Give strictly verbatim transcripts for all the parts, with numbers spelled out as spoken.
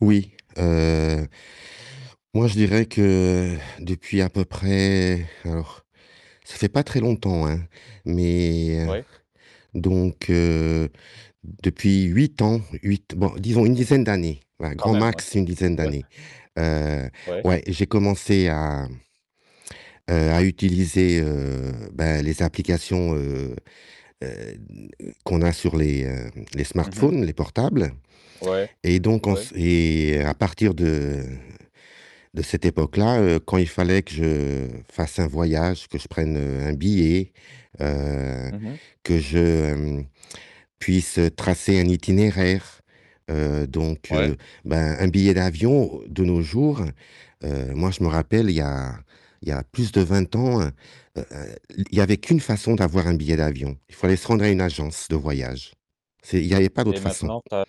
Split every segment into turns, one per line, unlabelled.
Oui, heu moi je dirais que depuis à peu près, alors ça fait pas très longtemps, hein, mais
Ouais.
donc, heu, depuis huit ans, huit bon, disons une dizaine d'années, voilà,
Quand
grand
même, ouais,
max une dizaine
ouais.
d'années, heu,
Ouais.
ouais, j'ai commencé à, heu, à utiliser, heu, bah, les applications, heu, heu, n qu'on a sur les, heu, les
Mmh mh.
smartphones, les portables
Ouais,
et donc on
ouais.
s et à partir de de cette époque-là, heu, quand il fallait que je fasse un voyage, que je prenne, heu, un billet, heu,
Mmh mh.
que je puisse, heu, tracer un itinéraire, heu, donc,
Ouais.
heu, bah, un billet d'avion de nos jours, heu, moi je me rappelle, il y a il y a plus de vingt ans, heu, heu, l il y avait qu'une façon d'avoir un billet d'avion, il fallait se rendre à une agence de voyage. C'est il y avait pas
Et
d'autres façons.
maintenant, tu as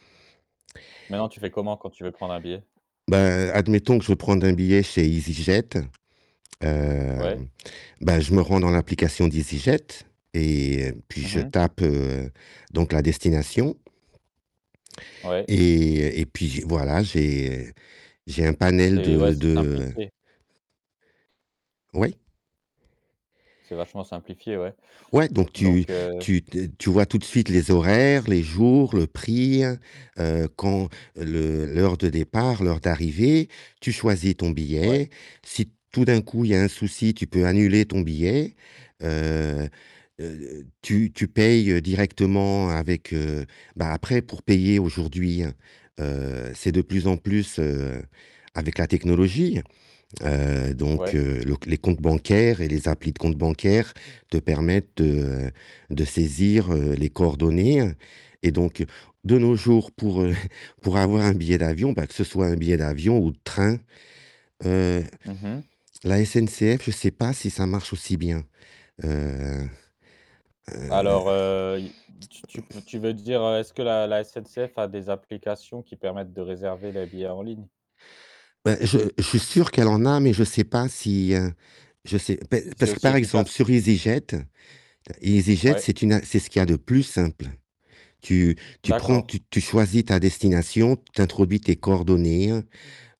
maintenant, tu fais comment quand tu veux prendre un billet?
Ben, admettons que je veux prendre un billet chez EasyJet, heu,
Ouais.
bah, je me rends dans l'application d'EasyJet et puis
Mmh
je
mh.
tape, heu, donc la destination
Ouais.
et et puis voilà, j'ai j'ai un panel
C'est ouais,
de
c'est
de
simplifié.
Oui.
C'est vachement simplifié, ouais.
Ouais, donc tu
Donc, heu
tu d tu vois tout de suite les horaires, les jours, le prix, heu, quand le l'heure de départ, l'heure d'arrivée, tu choisis ton
Ouais.
billet, si tout d'un coup il y a un souci, tu peux annuler ton billet, heu, heu, tu tu payes directement avec, heu bah, après pour payer aujourd'hui, heu, c'est de plus en plus, heu, avec la technologie. Heu, donc,
Ouais.
heu, le c les comptes bancaires et les applis de comptes bancaires te permettent de de saisir, heu, les coordonnées et donc de nos jours, pour, heu, pour avoir un billet d'avion, bah, que ce soit un billet d'avion ou de train, heu,
Mmh mh.
la SNCF, je sais pas si ça marche aussi bien, heu, heu
Alors, heu, i tu tu peux tu veux dire, est-ce que la la SNCF a des applications qui permettent de réserver les billets en ligne?
Ben, je je suis sûr qu'elle en a, mais je sais pas si, heu, je sais pa
Si c'est
parce que
aussi
par exemple
efficace?
sur EasyJet, EasyJet
Ouais.
c'est une a c'est ce qu'il y a de plus simple. Tu tu prends
D'accord.
tu tu choisis ta destination, tu introduis tes coordonnées,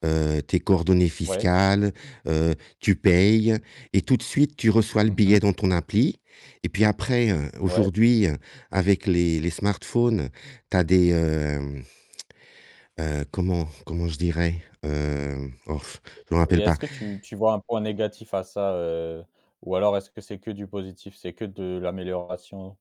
heu, tes coordonnées
Ouais.
fiscales, heu, tu payes et tout de suite tu reçois le
Mmh
billet
mh.
dans ton appli et puis après, heu,
Ouais.
aujourd'hui, heu, avec les les smartphones, tu as des, heu, heu, comment comment je dirais? Heu, hof, je me
Et
rappelle pas.
est-ce que tu tu vois un point négatif à ça, heu, ou alors est-ce que c'est que du positif, c'est que de l'amélioration?